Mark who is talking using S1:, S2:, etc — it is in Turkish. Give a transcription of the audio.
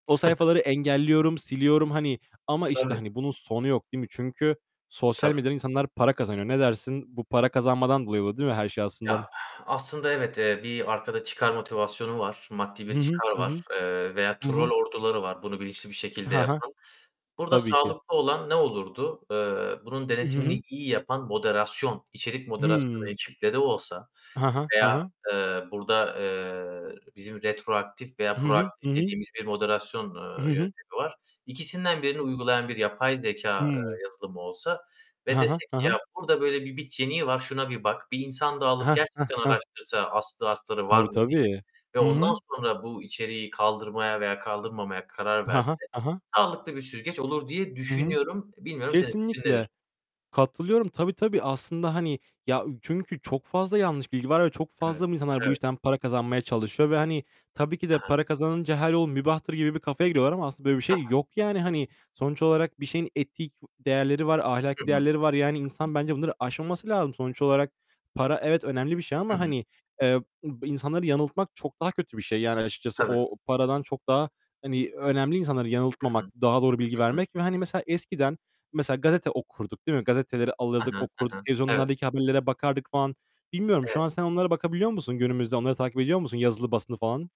S1: O sayfaları engelliyorum, siliyorum, hani, ama, işte,
S2: Tabii.
S1: hani bunun sonu yok, değil mi? Çünkü sosyal
S2: Tabii.
S1: medyadan insanlar para kazanıyor. Ne dersin? Bu para kazanmadan dolayı bu, değil mi, her şey aslında?
S2: Ya, aslında evet, eee, bir arkada çıkar motivasyonu var, maddi
S1: Hı
S2: bir
S1: hı,
S2: çıkar
S1: hı
S2: var,
S1: hı.
S2: eee, veya
S1: Hı
S2: trol
S1: hı.
S2: orduları var bunu bilinçli şekilde
S1: Ha ha.
S2: yapan. Burada
S1: Tabii ki.
S2: sağlıklı olan ne olurdu? Eee, bunun
S1: I hı,
S2: denetimini
S1: hı.
S2: iyi yapan moderasyon, içerik moderasyonu
S1: Hıı.
S2: ekiple de olsa
S1: Ha ha, ha
S2: veya,
S1: ha.
S2: eee, burada, eee, bizim retroaktif veya
S1: I hı, hı, hı
S2: proaktif
S1: hı.
S2: dediğimiz bir moderasyon,
S1: I hı,
S2: eee,
S1: hı.
S2: yöntemi var. İkisinden birini uygulayan bir yapay zekâ,
S1: Hıı.
S2: eee, yazılımı olsa ve
S1: Ha ha,
S2: dese
S1: ha
S2: ki "Ya,
S1: ha.
S2: burada böyle bir bit yeniği var, şuna bir bak, bir insan dağılıp
S1: Heh, heh,
S2: gerçekten
S1: heh.
S2: araştırsa, aslı astarı var
S1: Tabii,
S2: mı?" diye
S1: tabii.
S2: ve
S1: Hı
S2: ondan
S1: hı.
S2: sonra bu içeriği kaldırmaya veya kaldırmamaya karar
S1: Ha
S2: verse
S1: ha, ha ha.
S2: sağlıklı bir süzgeç olur diye
S1: Hı hı.
S2: düşünüyorum. Bilmiyorum senin fikrin
S1: Kesinlikle,
S2: nedir?
S1: katılıyorum. Tabii, tabii aslında, hani, ya çünkü çok fazla yanlış bilgi var ve çok fazla
S2: Evet,
S1: insanlar bu
S2: evet.
S1: işten para kazanmaya çalışıyor ve, hani, tabii ki de
S2: He he.
S1: para kazanınca her yol mübahtır gibi bir kafaya giriyorlar ama aslında böyle bir
S2: He
S1: şey
S2: he.
S1: yok yani. Hani sonuç olarak bir şeyin etik değerleri var.
S2: Hı
S1: Ahlaki
S2: hı.
S1: değerleri var. Yani
S2: Hı hı.
S1: insan bence bunları aşmaması lazım. Sonuç olarak para evet, önemli bir şey
S2: Hı
S1: ama
S2: hı.
S1: hani, eee, b insanları yanıltmak çok daha kötü bir şey yani açıkçası.
S2: Tabii.
S1: O paradan çok daha, hani, önemli insanları
S2: Hı hı.
S1: yanıltmamak, daha doğru bilgi
S2: Hı hı.
S1: vermek ve, hani, mesela eskiden, mesela, gazete okurduk, değil mi? Gazeteleri
S2: Hı
S1: alırdık,
S2: hı,
S1: okurduk.
S2: hı hı. Evet.
S1: Televizyonlardaki haberlere bakardık falan. Bilmiyorum şu
S2: Evet.
S1: an sen onlara bakabiliyor musun? Günümüzde onları takip ediyor musun? Yazılı basını falan.